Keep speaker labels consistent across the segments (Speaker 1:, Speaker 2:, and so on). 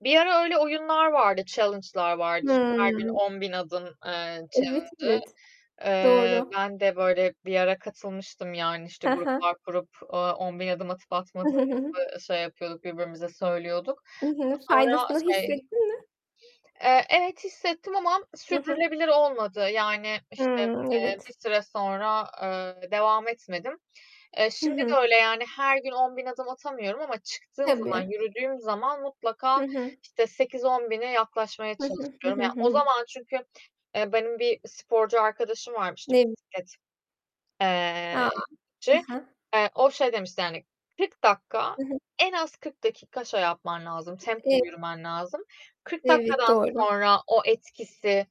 Speaker 1: Bir ara öyle oyunlar vardı, challenge'lar vardı. İşte, her gün
Speaker 2: Hıı.
Speaker 1: 10.000 adım, ııı,
Speaker 2: Evet,
Speaker 1: challenge'ı.
Speaker 2: evet.
Speaker 1: Iıı,
Speaker 2: Doğru!
Speaker 1: ben de, böyle, bir ara katılmıştım. Yani, işte,
Speaker 2: He he.
Speaker 1: gruplar kurup, ııı, 10.000 adım atıp atmadığımızı şey yapıyorduk, birbirimize söylüyorduk.
Speaker 2: I
Speaker 1: Ama
Speaker 2: hı.
Speaker 1: sonra
Speaker 2: Faydasını
Speaker 1: şey
Speaker 2: hissettin mi?
Speaker 1: Eee, evet, hissettim ama
Speaker 2: I hı.
Speaker 1: sürdürülebilir olmadı. Yani, işte,
Speaker 2: Hıı,
Speaker 1: eee,
Speaker 2: evet!
Speaker 1: bir süre sonra, ııı, devam etmedim. E,
Speaker 2: Hı
Speaker 1: şimdi de
Speaker 2: hı.
Speaker 1: öyle, yani, her gün 10.000 adım atamıyorum ama çıktığım zaman,
Speaker 2: Tabii.
Speaker 1: yürüdüğüm zaman
Speaker 2: Hı
Speaker 1: mutlaka,
Speaker 2: hı.
Speaker 1: işte, 8-10.000'e yaklaşmaya
Speaker 2: Hı hı. Hı
Speaker 1: çalışıyorum.
Speaker 2: hı,
Speaker 1: Ya,
Speaker 2: hı
Speaker 1: o
Speaker 2: hı.
Speaker 1: zaman çünkü, eee, benim bir sporcu arkadaşım var, işte
Speaker 2: Nem
Speaker 1: bisiklet eee,
Speaker 2: A! Hı
Speaker 1: çi.
Speaker 2: hı.
Speaker 1: Eee, o şey demişti, yani, "40 dakika,
Speaker 2: I hı.
Speaker 1: en az 40 dakika şey yapman lazım,
Speaker 2: E
Speaker 1: tempolu yürümen lazım. 40
Speaker 2: Evet,
Speaker 1: dakikadan
Speaker 2: doğru!
Speaker 1: sonra o etkisi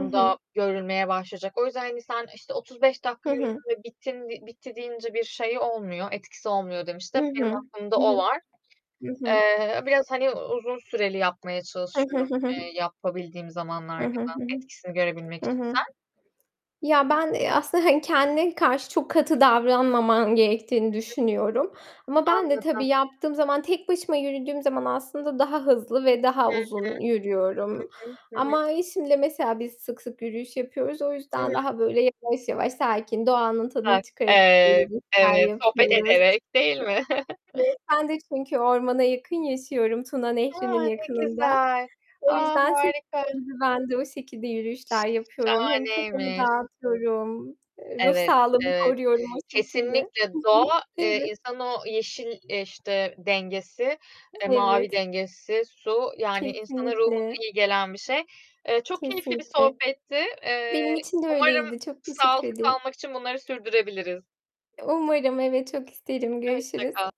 Speaker 2: I hı.
Speaker 1: görülmeye başlayacak. O yüzden, hani, sen, işte, 35 dakika
Speaker 2: Hı hı.
Speaker 1: yürüdün ve bittin de bitti deyince bir şeyi olmuyor, etkisi olmuyor." demişti.
Speaker 2: I
Speaker 1: Hep
Speaker 2: hı.
Speaker 1: benim aklımda
Speaker 2: Hı
Speaker 1: o
Speaker 2: hı.
Speaker 1: var.
Speaker 2: Hı hı.
Speaker 1: Eee, biraz, hani, uzun süreli yapmaya
Speaker 2: Hı hı.
Speaker 1: çalışıyorum,
Speaker 2: Hı hı.
Speaker 1: eee, yapabildiğim
Speaker 2: I
Speaker 1: zamanlarda
Speaker 2: hı, hı
Speaker 1: da
Speaker 2: hı.
Speaker 1: etkisini görebilmek
Speaker 2: Hı
Speaker 1: için.
Speaker 2: hı.
Speaker 1: Sen?
Speaker 2: Ya, ben, eee, hani, kendine karşı çok katı davranmaman gerektiğini
Speaker 1: [unintelligible]
Speaker 2: düşünüyorum. Ama ben de
Speaker 1: Anladım!
Speaker 2: tabii yaptığım zaman, tek başıma yürüdüğüm zaman aslında daha hızlı ve
Speaker 1: Hı
Speaker 2: daha
Speaker 1: hı!
Speaker 2: uzun yürüyorum.
Speaker 1: Hı hı, hı hı.
Speaker 2: Ama eşimle mesela biz sık sık yürüyüş yapıyoruz, o
Speaker 1: I
Speaker 2: yüzden
Speaker 1: hı!
Speaker 2: daha, böyle, yavaş, yavaş sakin, doğanın tadını
Speaker 1: [unintelligible]
Speaker 2: çıkara çıka
Speaker 1: Eee,
Speaker 2: yürüyüşler
Speaker 1: evet, sohbet
Speaker 2: yapıyoruz.
Speaker 1: ederek, değil mi?
Speaker 2: Ve ben de çünkü ormana yakın yaşıyorum, Tuna
Speaker 1: A,
Speaker 2: Nehri'nin
Speaker 1: ne
Speaker 2: yakınında.
Speaker 1: güzel!
Speaker 2: O
Speaker 1: A,
Speaker 2: yüzden seni
Speaker 1: harika!
Speaker 2: gibi ben de o şekilde yürüyüşler yapıyorum. Hem kafamı
Speaker 1: Şahaneymiş!
Speaker 2: dağıtıyorum, eee, ruh
Speaker 1: Evet,
Speaker 2: sağlığımı
Speaker 1: evet.
Speaker 2: koruyorum o şekilde.
Speaker 1: Kesinlikle
Speaker 2: Hı hı.
Speaker 1: doğa, eee,
Speaker 2: Evet.
Speaker 1: insanın o yeşil, eee, işte, dengesi, e, mavi
Speaker 2: Evet.
Speaker 1: dengesi, su, yani, insanın ruhuna
Speaker 2: Kesinlikle!
Speaker 1: iyi gelen bir şey. Eee, çok keyifli bir
Speaker 2: Kesinlikle!
Speaker 1: sohbetti.
Speaker 2: Benim
Speaker 1: Eee,
Speaker 2: için de
Speaker 1: umarım
Speaker 2: öyleydi, çok teşekkür
Speaker 1: sağlıklı
Speaker 2: ederim!
Speaker 1: kalmak için bunları sürdürebiliriz.
Speaker 2: Umarım! Evet, çok isterim.
Speaker 1: Ö hoşça
Speaker 2: Görüşürüz!
Speaker 1: kal!